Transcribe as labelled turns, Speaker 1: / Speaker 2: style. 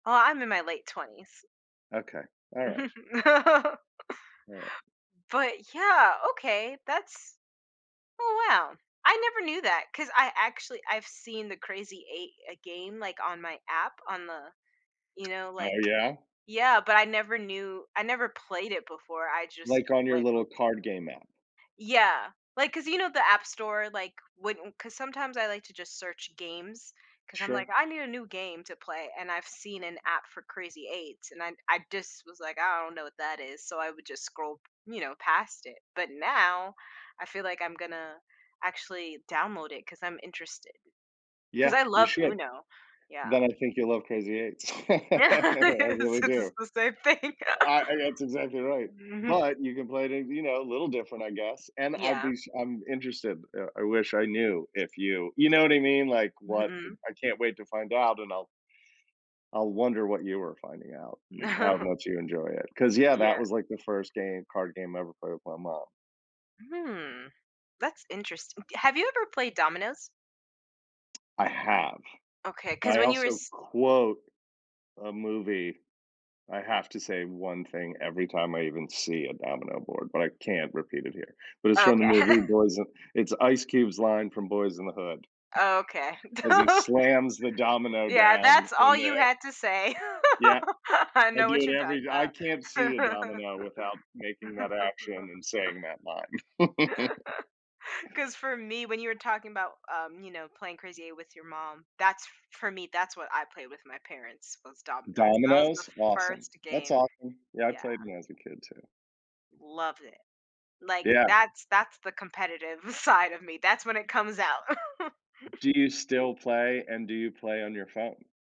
Speaker 1: Oh, I'm in my late 20s.
Speaker 2: Okay. Alright. [unintelligible]
Speaker 1: But, yeah, okay, that's Oh, wow. I never knew that, 'cause I, actually I've seen the Crazy Eight, uh, game, like, on my app, on the, you know,
Speaker 2: Oh,
Speaker 1: like
Speaker 2: yeah?
Speaker 1: Yeah, but I never knew I never played it before. I just
Speaker 2: Like, on your
Speaker 1: like, uh
Speaker 2: little card game app.
Speaker 1: Yeah. Like, 'cause you know, the App Store, like, when 'cause sometimes I like to just search games 'cause I'm
Speaker 2: Sure.
Speaker 1: like, "I need a new game to play" and I've seen an app for Crazy Eights and I I just was like, "I don't know what that is," so I would just scroll, you know, past it. But now, I feel like I'm gonna actually download it 'cause I'm interested 'cause
Speaker 2: Yeah,
Speaker 1: I
Speaker 2: you
Speaker 1: love
Speaker 2: should.
Speaker 1: UNO, yeah.
Speaker 2: Then I think you'll love Crazy Eights. I
Speaker 1: It's
Speaker 2: really do.
Speaker 1: it's the s same thing.
Speaker 2: I I That's exactly right,
Speaker 1: Mhm.
Speaker 2: but you can play it, you know, a little different, I guess. And I'd
Speaker 1: Yeah.
Speaker 2: be sh I'm interested, eh, I wish I knew if you you know what I mean? Like, what
Speaker 1: Mhm.
Speaker 2: I can't wait to find out, and I'll I'll wonder what you were finding out and how much you enjoy it 'cause, yeah, that
Speaker 1: Yeah.
Speaker 2: was like the first game card game I ever played with my mom.
Speaker 1: Hmm, that's interesting Have you ever played dominoes?
Speaker 2: I have.
Speaker 1: Okay, 'cause
Speaker 2: I
Speaker 1: when you were
Speaker 2: also
Speaker 1: s
Speaker 2: quote a movie; I have to say one thing every time I even see a domino board, but I can't repeat it here. But it's
Speaker 1: Oh,
Speaker 2: from the
Speaker 1: okay.
Speaker 2: movie Boyz n it's Ice Cube's line from Boyz n the Hood
Speaker 1: Oh, okay.
Speaker 2: as he slams the domino
Speaker 1: Yeah,
Speaker 2: down
Speaker 1: that's all
Speaker 2: in
Speaker 1: you
Speaker 2: there.
Speaker 1: had to say.
Speaker 2: Yeah,
Speaker 1: I
Speaker 2: I
Speaker 1: know
Speaker 2: do
Speaker 1: what
Speaker 2: it
Speaker 1: you're
Speaker 2: every I can't
Speaker 1: talking
Speaker 2: see a domino
Speaker 1: about.
Speaker 2: without making that action and saying that line.
Speaker 1: 'Cause, for me, when you were talking about, um, you know, playing Crazy Eight with your mom, that's f for me, that's what I played with my parents, was dominoes. That was the
Speaker 2: Dominoes? Awesome.
Speaker 1: first
Speaker 2: That's
Speaker 1: game,
Speaker 2: awesome. Yeah, I
Speaker 1: yeah.
Speaker 2: played when I was a kid too.
Speaker 1: Love it. Like,
Speaker 2: Yeah.
Speaker 1: that's that's the competitive side of me. That's when it comes out.
Speaker 2: Do you still play, and do you play on your phone?